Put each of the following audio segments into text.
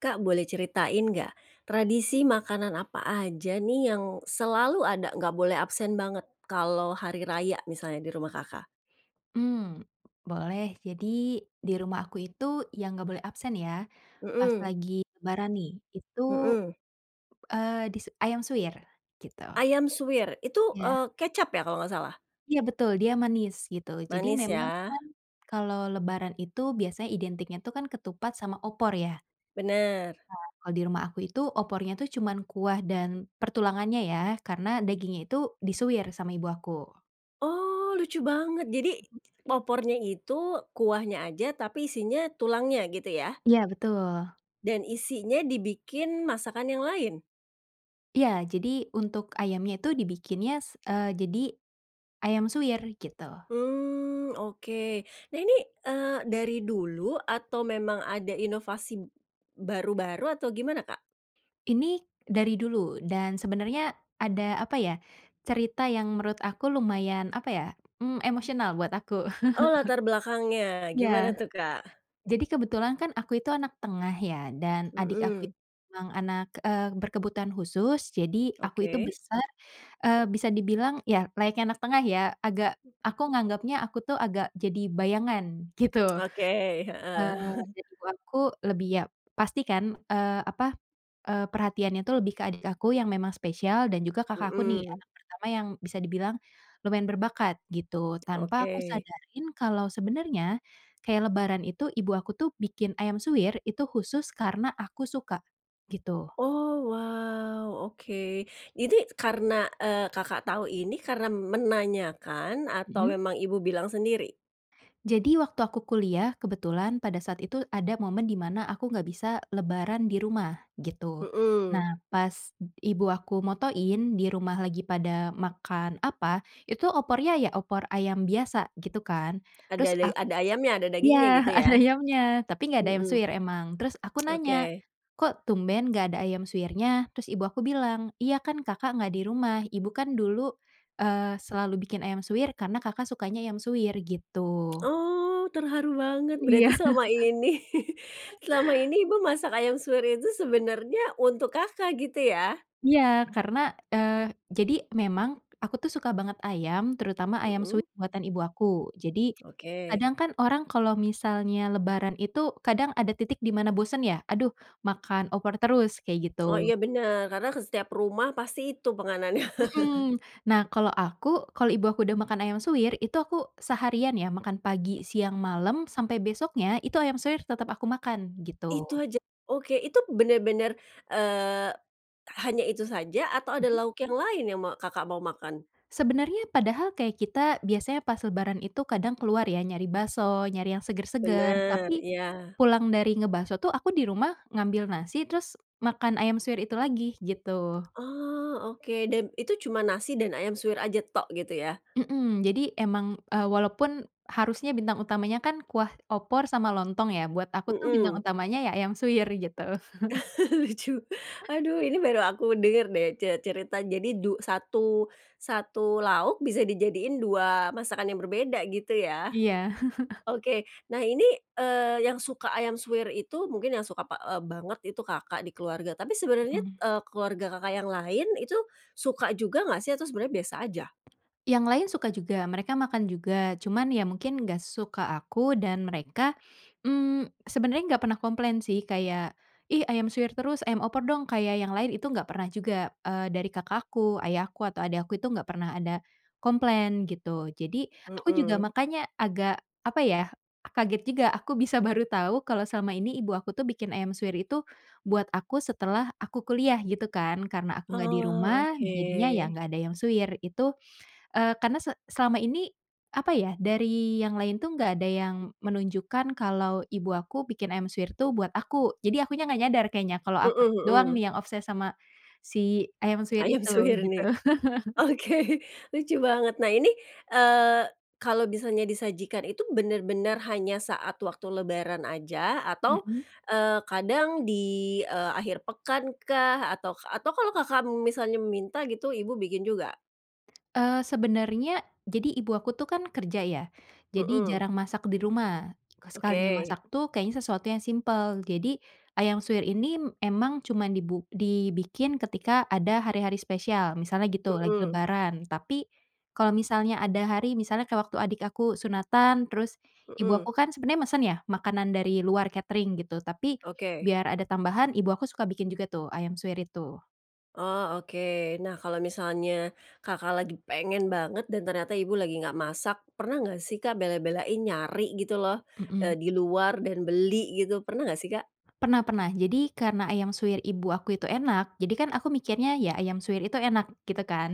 Kak boleh ceritain nggak, Hmm. tradisi makanan apa aja nih yang selalu ada, nggak boleh absen banget kalau hari raya misalnya di rumah Kakak? Mmm, boleh, jadi di rumah aku itu yang nggak boleh absen ya pas Mhm. lagi lebaran nih itu, Mhm. eee, di ayam suwir, gitu. Ayam suwir itu, Ya. eee, kecap ya kalau nggak salah? Ya betul dia manis gitu, jadi Manis memang ya? kan kalau lebaran itu biasanya identiknya tuh kan ketupat sama opor ya. Bener. Ha, kalau di rumah aku itu opornya tuh cuman kuah dan pertulangannya ya karena dagingnya itu disuwir sama ibu aku. Oh, lucu banget jadi opornya itu kuahnya aja tapi isinya tulangnya, gitu ya? Ya betul. Dan isinya dibikin masakan yang lain? Iya, jadi untuk ayamnya tu dibikinnya se eee, jadi ayam suwir gitu. Mmm, oke. Nah ini, eee, dari dulu atau memang ada inovasi baru-baru atau gimana Kak? Ini dari dulu, dan sebenarnya ada apa ya, cerita yang menurut aku lumayan apa ya, mmm, emosional buat aku. Oh, latar belakangnya. Gimana Ya. tuh Kak? Jadi kebetulan kan aku itu anak tengah ya dan adik aku Mhm. itu memang anak, eee, berkebutuhan khusus, jadi aku itu Oke. besar, eee, bisa dibilang ya layaknya anak tengah ya, agak aku nganggepnya aku tuh agak jadi bayangan, gitu. Oke, heeh. Eee, dan ibu aku lebih ya, pasti kan, eee, apa, eee, perhatiannya tu lebih ke adik aku yang memang spesial dan juga kakakku nih, Mhm. anak pertama yang bisa dibilang lumayan berbakat, gitu. Tanpa aku Oke. sadarin kalau sebenarnya kayak lebaran itu ibu aku tuh bikin ayam suwir itu khusus karena aku suka, gitu. Oh, wow, oke. Ini karena, eee, Kakak tahu ini karena menanyakan atau Mhm. memang ibu bilang sendiri? Jadi waktu aku kuliah kebetulan pada saat itu ada momen di mana aku nggak bisa lebaran di rumah, gitu. Mhm. Nah pas ibu aku motoin di rumah lagi pada makan apa, itu opornya ya opor ayam biasa gitu kan. Ada Terus dai ak ada ayamnya ada dagingnya iya gitu ya. ada ayamnya tapi nggak ada ayam Mhm. suwir emang. Terus aku nanya, Oke. "Kok tumben nggak ada ayam suwirnya?" Terus ibu aku bilang, "Iya kan Kakak nggak di rumah, Ibu kan dulu, eee, selalu bikin ayam suwir karena Kakak sukanya ayam suwir." Gitu. Oh, terharu banget berarti Iya. selama ini, selama ini ibu masak ayam suwir itu sebenarnya untuk Kakak, gitu ya. Iya karena, eee, jadi memang aku tuh suka banget ayam terutama ayam Mhm. suwir buatan ibu aku. Jadi Oke. kadang kan orang kalau misalnya lebaran itu kadang ada titik di mana bosen ya, "Aduh makan opor terus." Kek Oh gitu. iya bener, karena ke setiap rumah pasti itu penganannya. Mhm, nah kalo aku kalo ibu aku udah makan ayam suwir itu aku seharian ya makan pagi, siang, malam sampai besoknya itu ayam suwir tetap aku makan gitu. Itu aja. Oke itu bener-bener, eee, hanya itu saja atau ada Mhm. lauk yang lain yang ma Kakak mau makan? Sebenernya padahal kayak kita biasanya pas lebaran itu kadang keluar ya nyari bakso, nyari yang seger-seger. Bener. Tapi Iya. pulang dari ngebakso tuh aku di rumah ngambil nasi terus makan ayam suwir itu lagi, gitu. Oh, oke dan itu cuman nasi dan ayam suwir aja tok gitu ya? Mhm, jadi emang, eee, walaupun harusnya bintang utamanya kan kuah opor sama lontong ya, buat aku tuh bintang Mhm. utamanya ya ayam suwir gitu. Lucu, aduh ini baru aku denger deh ce cerita jadi du satu satu lauk bisa dijadiin 2 masakan yang berbeda, gitu ya. Iya. Oke, nah ini, eee, yang suka ayam suwir itu, mungkin yang suka pa eee, banget itu Kakak di keluarga, tapi sebenernya, Mhm. eee, keluarga Kakak yang lain itu suka juga nggak sih atau sebenernya biasa aja? Yang lain suka juga, mereka makan juga cuman ya mungkin nggak sesuka aku dan mereka, mmm, sebenernya nggak pernah komplain sih kayak, "Ih ayam suwir terus, ayam opor dong kayak yang lain." Itu nggak pernah juga, eee, dari kakakku, ayahku, atau adik aku itu nggak pernah ada komplain gitu. Jadi aku juga Mhm. makanya agak apa ya kaget juga, aku bisa baru tau kalau selama ini ibu aku tuh bikin ayam suwir itu buat aku setelah aku kuliah gitu kan. Karena aku nggak di Oh, rumah jadinya ya oke. nggak ada ayam suwir itu, eee, karna se selama ini, apa ya, dari yang lain tuh nggak ada yang menunjukkan kalau ibu aku bikin ayam suwir tuh buat aku. Jadi akunya nggak nyadar keknya kalau aku Mhm doang mhm. nih yang obsess sama si ayam suwir Ayam itu, suwir gitu. nih. Oke, lucu banget, nah ini, eee, kalau misalnya disajikan itu bener-bener hanya saat waktu lebaran aja atau, Mhm. eee, kadang di, eee, akhir pekan kah atau atau kalau Kakak, mmm, misalnya minta gitu ibu bikin juga? Eee, sebenernya jadi ibu aku tuh kan kerja ya jadi Mhm. jarang masak di rumah. K sekalinya Oke. masak tuh kayaknya sesuatu yang simpel, jadi ayam suwir ini emang cuman dibu dibikin ketika ada hari-hari spesial misalnya gitu, lagi Mhm. lebaran, tapi kalo misalnya ada hari misalnya kek waktu adik aku sunatan terus ibu Mhm. aku kan sebenarnya mesen ya makanan dari luar katering gitu, tapi Oke. biar ada tambahan ibu aku suka bikin juga tuh ayam suwir itu. Oh, oke. Nah kalau misalnya Kakak lagi pengen banget dan ternyata ibu lagi nggak masak, pernah nggak sih Kak bela-belain nyari gitu loh, eee, Mhm. di luar dan beli gitu pernah nggak sih Kak? Pernah pernah, jadi karena ayam suwir ibu aku itu enak jadi kan aku mikirnya ya ayam suwir itu enak, gitu kan.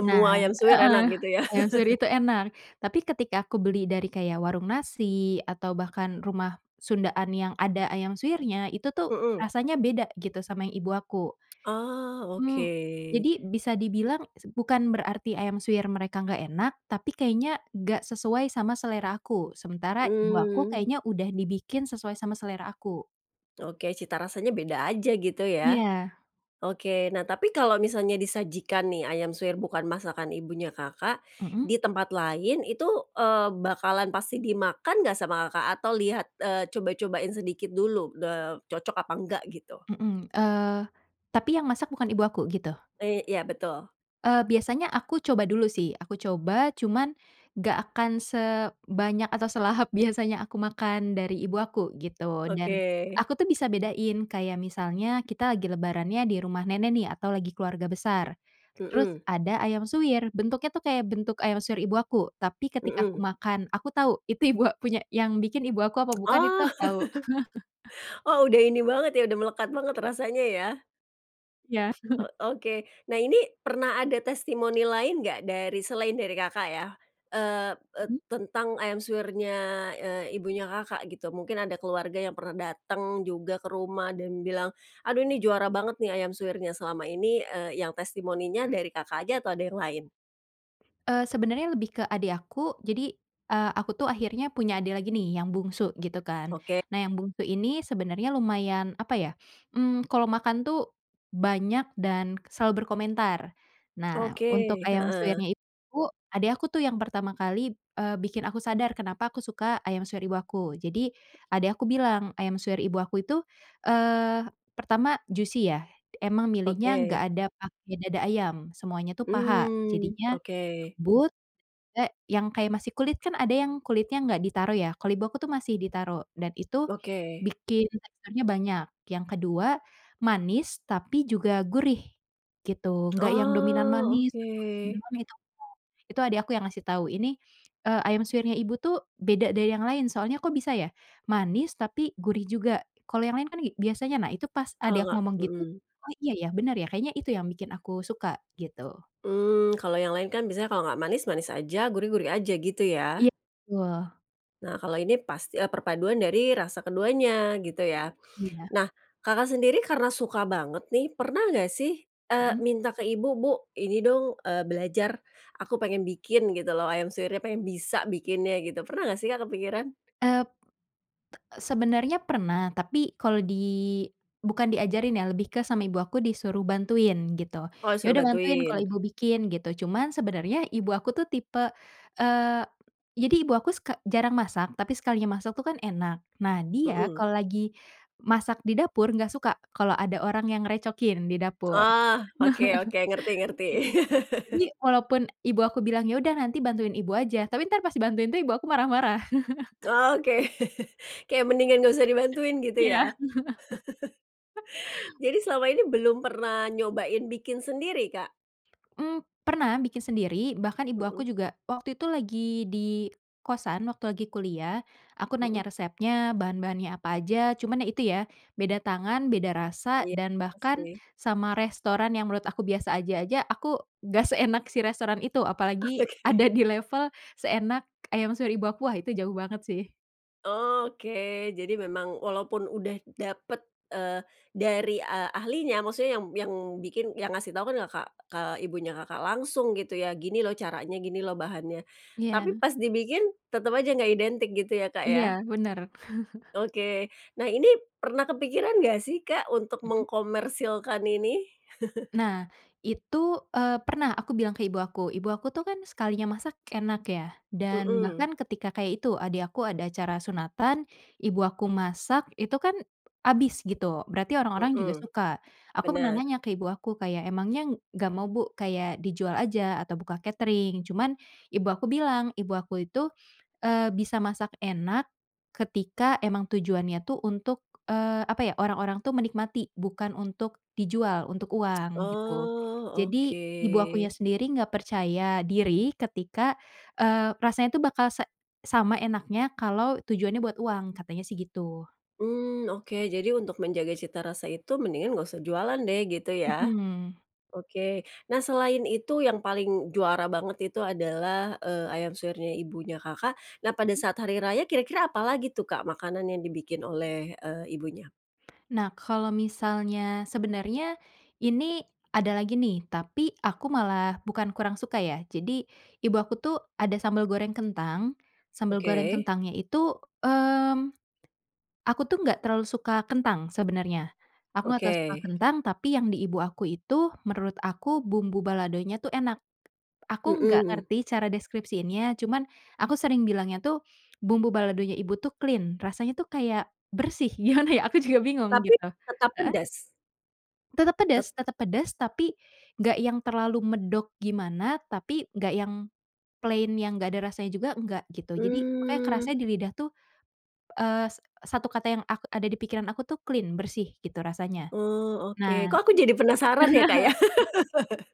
Nah ayam suwir heeh, enak gitu ya. ayam suwir itu enak, tapi ketika aku beli dari kayak warung nasi atau bahkan rumah sundaan yang ada ayam suwirnya, itu tuh Mhm. rasanya beda gitu sama yang ibu aku. Oh, Mmm, oke. jadi bisa dibilang s bukan berarti ayam suwir mereka nggak enak, tapi kayaknya nggak sesuai sama selera aku. Sementara ibu aku Mmm. kayaknya udah dibikin sesuai sama selera aku. Oke, cita rasanya beda aja gitu ya. Iya. Oke, nah tapi kalo misalnya disajikan nih ayam suwir bukan masakan ibunya Kakak Mhm. di tempat lain itu, eee, bakalan pasti dimakan nggak sama Kakak? Atau lihat, eee, coba-cobain sedikit dulu de cocok apa nggak gitu? Mhm. Eee, tapi yang masak bukan ibu aku, gitu. Eee, iya betul. Eee, biasanya aku coba dulu sih. Aku coba, cuman, nggak akan sebanyak atau selahap biasanya aku makan dari ibu aku gitu dan Oke. aku tuh bisa bedain kayak misalnya kita lagi lebarannya di rumah nenek nih atau lagi keluarga besar, terus Mhm. ada ayam suwir, bentuknya tuh kayak bentuk ayam suwir ibu aku, tapi ketika aku Mhm. makan aku tahu itu ibu ak punya yang bikin ibu aku apa bukan itu Oh. aku tahu. Oh udah ini banget ya, udah melekat banget rasanya ya. Iya. Oh, oke. Nah ini, pernah ada testimoni lain nggak dari selain dari Kakak ya, eee eee, Mmm. tentang ayam suwirnya, eee, ibunya Kakak gitu mungkin ada keluarga yang pernah dateng juga ke rumah dan bilang, "Aduh ini juara banget nih ayam suwirnya." Selama ini, eee, yang testimoninya dari Kakak aja atau ada yang lain? Eee, sebenarnya lebih ke adik aku. Jadi, eee, aku tuh akhirnya punya adik lagi nih, yang bungsu gitu kan. Oke. Nah yang bungsu ini sebenarnya lumayan, apa ya, mmm, kalau makan tuh banyak dan selalu berkomentar. Nah, Oke, untuk ayam heeh. suwirnya itu, adik aku tuh yang pertama kali, eee, bikin aku sadar kenapa aku suka ayam suwir ibu aku. Jadi adik aku bilang, ayam suwir ibu aku itu, eee, pertama juicy ya, emang milihnya nggak Oke. ada pakai dada ayam, semuanya tuh paha Mmm, jadinya oke. lembut eh, yang kayak masih kulit kan ada yang kulitnya nggak ditaruh ya, kalau ibu aku tuh masih ditaruh dan itu Oke. bikin teksturnya banyak, yang ke-2 manis tapi juga gurih gitu, enggak yang dominan Oh, manis atau asin oke. juga gitu enggak, itu adik aku yang ngasih tahu, "Ini, eee, ayam suwirnya ibu tuh beda dari yang lain soalnya kok bisa ya manis, tapi gurih juga, kalau yang lain kan i biasanya" nah itu pas Kalau adik aku nggak ngomong gitu, mhm. "Oh iya ya, bener ya." Kayaknya itu yang bikin aku suka, gitu. Mmm, kalau yang lain kan, biasanya kalau nggak manis, manis aja, gurih, gurih aja, gitu ya? Iya, betul. Nah kalau ini, pas eee, perpaduan dari rasa keduanya, gitu ya. Iya. Nah, Kakak sendiri karena suka banget nih, pernah nggak sih, eee, Mhm. minta ke Ibu, "Bu ini dong, eee, belajar aku pengen bikin, gitu loh ayam suwirnya pengen bisa bikinnya." Gitu, pernah nggak sih Kak, kepikiran? Eee eee, sebenarnya pernah, tapi kalau di bukan diajarin ya lebih ke sama ibu aku disuruh bantuin gitu, Oh, di "Ya suruh udah bantuin, kalau bantuin. ibu bikin." gitu, cuman sebenarnya ibu aku tuh tipe, eee, jadi ibu aku sek jarang masak tapi sekalinya masak tuh kan enak. Nah, dia Mhm. kalau lagi masak di dapur nggak suka, kalau ada orang yang ngerecokin di dapur. Oh, oke oke, ngerti ngerti. Jadi walaupun, ibu aku bilang, "Ya udah nanti bantuin ibu aja." Tapi ntar pas dibantuin itu, ibu aku marah-marah. Oke. Kayak mendingan nggak usah dibantuin, gitu Iya. ya. Jadi selama ini belum pernah nyobain bikin sendiri, Kak? Mmm, pernah bikin sendiri bahkan ibu aku Mhm. juga. Waktu itu lagi di kosan, waktu lagi kuliah aku nanya Mhm. resepnya bahan-bahannya apa aja cuman ya, itu ya, beda tangan beda rasa Iya, dan bahkan pasti. sama restoran yang menurut aku biasa aja aja aku, gak seenak si restoran itu, Oke apalagi oke. ada di level, seenak ayam suwir ibu aku. Wah, itu jauh banget sih. Oke, jadi memang walaupun udah dapat, eee, dari a ahlinya maksudnya yang yang bikin yang ngasih tahu kan Kakak, ke ibunya Kakak langsung gitu ya, "Gini loh caranya, gini loh bahannya." Iya. Tapi pas dibikin, tetap aja nggak identik gitu ya, Kak Iya, ya? benar. Oke. Nah ini, pernah kepikiran nggak sih Kak untuk Mhm. mengkomersilkan ini? Nah, itu, eee, pernah aku bilang ke ibu aku. Ibu aku tuh kan, sekalinya masak, enak ya, dan Mhm. bahkan ketika kayak itu, adik aku ada acara sunatan, ibu aku masak itu kan habis gitu, berarti orang-orang juga Mhm. suka. Aku pernah Benar. nanya ke ibu aku kayak, "Emangnya nggak mau Bu kayak dijual aja atau buka katering?" Cuman ibu aku bilang. Ibu aku itu, eee, bisa masak enak ketika emang tujuannya tuh untuk, eee, apa ya, orang-orang tuh menikmati, bukan untuk dijual untuk uang gitu. Oh, Jadi, ibu akunya oke. sendiri enggak percaya diri ketika, eee, rasanya tuh bakal se sama enaknya kalau tujuannya buat uang, katanya sih gitu. Mmm, oke. Jadi untuk menjaga cita rasa itu mendingan nggak usah jualan deh, gitu ya. Mhm. Oke, nah selain itu yang paling juara banget itu adalah, eee, ayam suwirnya ibunya Kakak, nah pada Mhm. saat hari raya. Kira-kira apa lagi tuh Kak makanan yang dibikin oleh, eee, ibunya? Nah, kalau misalnya sebenarnya ini ada lagi nih, tapi aku malah bukan kurang suka ya, jadi ibu aku tuh ada sambel goreng kentang. Sambel goreng Oke. kentangnya itu, mmm, aku tuh enggak terlalu suka kentang sebenarnya, aku enggak terlalu suka Oke. kentang, tapi yang di ibu aku itu menurut aku bumbu baladonya tuh enak, aku nggak Mhm. ngerti cara deskripsiinnya cuman aku sering bilangnya tuh bumbu baladonya ibu tuh clean, rasanya tuh kayak bersih. Gimana ya, aku juga bingung Tapi gitu. tetap Heeh? pedas? Tetap Tet pedes tetep pedes tapi nggak yang terlalu medok gimana, tapi nggak yang plain yang nggak ada rasanya juga nggak gitu, jadi makanya Mmm. kerasanya di lidah tuh, eee, s satu kata yang ak ada di pikiran aku tuh clean, bersih gitu rasanya. Oh oke, Nah, kok aku jadi penasaran ya, Kak, ya?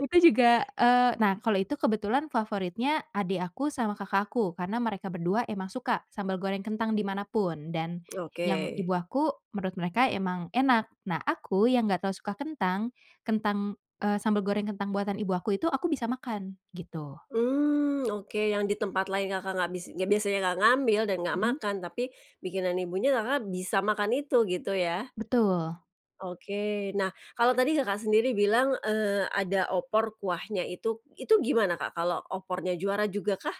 Itu juga, eee, nah kalau itu kebetulan favoritnya adik aku sama kakak aku karena mereka berdua emang suka sambal goreng kentang di mana pun, dan yang Oke. ibu aku, menurut mereka emang enak. Nah aku yang gak terlalu suka kentang, kentang, eee, sambal goreng kentang buatan ibu aku itu, aku bisa makan, gitu. Mmm, oke, yang di tempat lain Kakak nggak bis yang biasanya nggak ngambil dan nggak Mhm. makan tapi bikinan ibunya Kakak bisa makan itu, gitu ya? Betul. Oke. Nah, kalau tadi Kakak sendiri bilang, eee, ada opor kuahnya itu itu gimana Kak, kalau opornya, juara juga kah?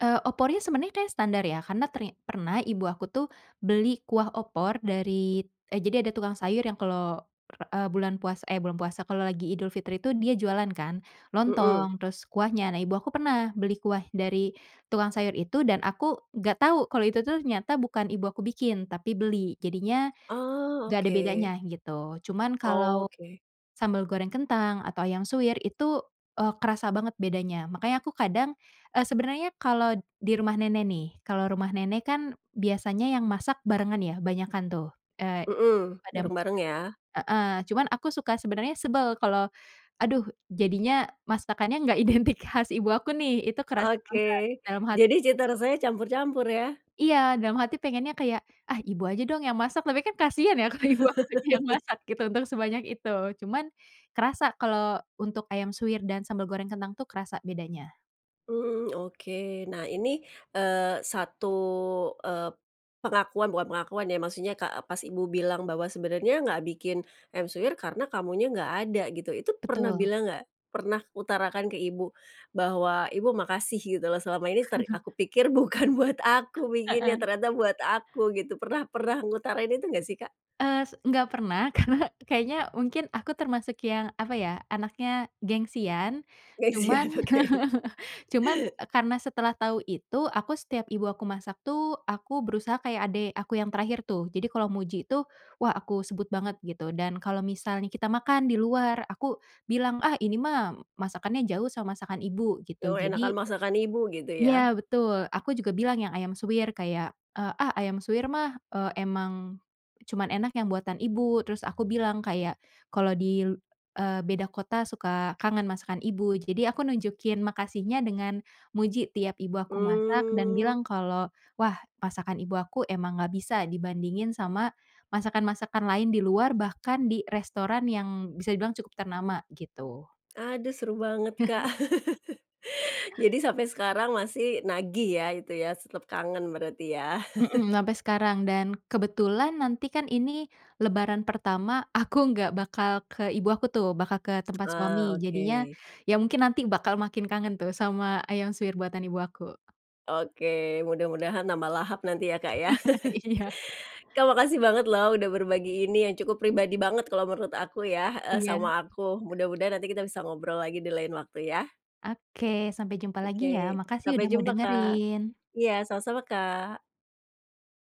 Eee, opornya sebenarnya kayak standar, ya. Karena ternya pernah ibu aku tuh beli kuah opor dari, eee, jadi, ada tukang sayur yang kalau, eee, bulan puasa eh bulan puasa, kalau lagi Idul Fitri tuh, dia jualan kan, Mhm. lontong, terus kuahnya. Nah, ibu aku pernah beli kuah dari tukang sayur itu, dan aku nggak tahu kalau itu tuh ternyata bukan ibu aku bikin, tapi beli. Jadinya, Oh, nggak ada bedanya, oke. gitu. Cuman kalau, Oke. sambal goreng kentang atau ayam suwir itu, eee, kerasa banget bedanya. Makanya aku kadang, eee, sebenarnya kalau di rumah nenek nih, kalau rumah nenek kan, biasanya yang masak barengan ya, banyakan tuh, eee, Mhm, pada masak bareng-bareng ya? heeh, cuman aku suka sebenarnya sebel kalau, aduh, jadinya masakannya enggak identik khas ibu aku nih. Itu kerasa Oke, banget, dalam hati. jadi cita [unintelligible] rasanya campur-campur ya? Iya, dalam hati pengennya kayak, "Ah, Ibu aja dong, yang masak." Tapi kan, kasihan ya, kalau ibu aku aja yang masak gitu, untuk sebanyak itu. Cuman, kerasa kalau untuk ayam suwir dan sambal goreng kentang tuh, kerasa bedanya. Mmm, oke. Nah ini, eee, 1, eee, pengakuan bukan pengakuan ya, maksudnya, ka pas ibu bilang bahwa, sebenarnya nggak bikin ayam suwir, karena kamunya nggak ada, gitu. Itu, pernah Betul. bilang nggak? Pernah utarakan ke ibu bahwa, "Ibu, makasih, gitu loh. Selama ini ser aku pikir bukan buat aku bikinnya, Heeh. ternyata buat aku." Gitu. Pernah pernah ngutarain itu, enggak sih Kak? Eee, s enggak pernah, karena kayaknya, mungkin aku termasuk yang, apa ya, anaknya gengsian, cuman. Gengsian, oke. Cuman, eee, karena setelah tahu itu, aku setiap ibu aku masak tuh aku berusaha kayak adik aku yang terakhir tuh. Jadi, kalau muji itu, wah, aku sebut banget, gitu. Dan kalau misalnya kita makan di luar, aku bilang, "Ah, ini mah masakannya jauh sama masakan Ibu." Gitu. Yo, Jadi enakan masakan ibu gitu ya? iya betul, aku juga bilang yang ayam suwir kayak, eee, "Ah, ayam suwir mah, eee, emang cuman enak yang buatan Ibu." Terus aku bilang, kayak kalau di, eee, beda kota suka kangen masakan ibu. Jadi, aku nunjukin makasihnya dengan, muji tiap ibu aku masak dan Mmm. bilang kalau, "Wah, masakan Ibu aku emang nggak bisa dibandingin sama masakan-masakan lain di luar, bahkan di restoran yang bisa dibilang cukup ternama."Gitu. Aduh, seru banget Kak. Jadi sampai sekarang masih nagih ya, itu ya? S tetap kangen, berarti ya? Mhm, sampai sekarang, dan kebetulan nanti kan, ini Lebaran pertama, aku nggak bakal ke ibu aku tuh, bakal ke tempat suami. Ah, Jadinya, oke. ya mungkin nanti bakal makin kangen tuh, sama ayam suwir buatan ibu aku. Oke, mudah-mudahan nambah lahap nanti ya, Kak, ya. Iya. Kak, makasih banget loh, udah berbagi ini, yang cukup pribadi banget kalau menurut aku ya heeh, Iya. sama aku. Mudah-mudahan nanti kita bisa ngobrol lagi, di lain waktu ya. Oke, sampai jumpa lagi ya. Oke, Makasih sampai udah mau jumpa Kak. dengerin. Iya, sama-sama Kak.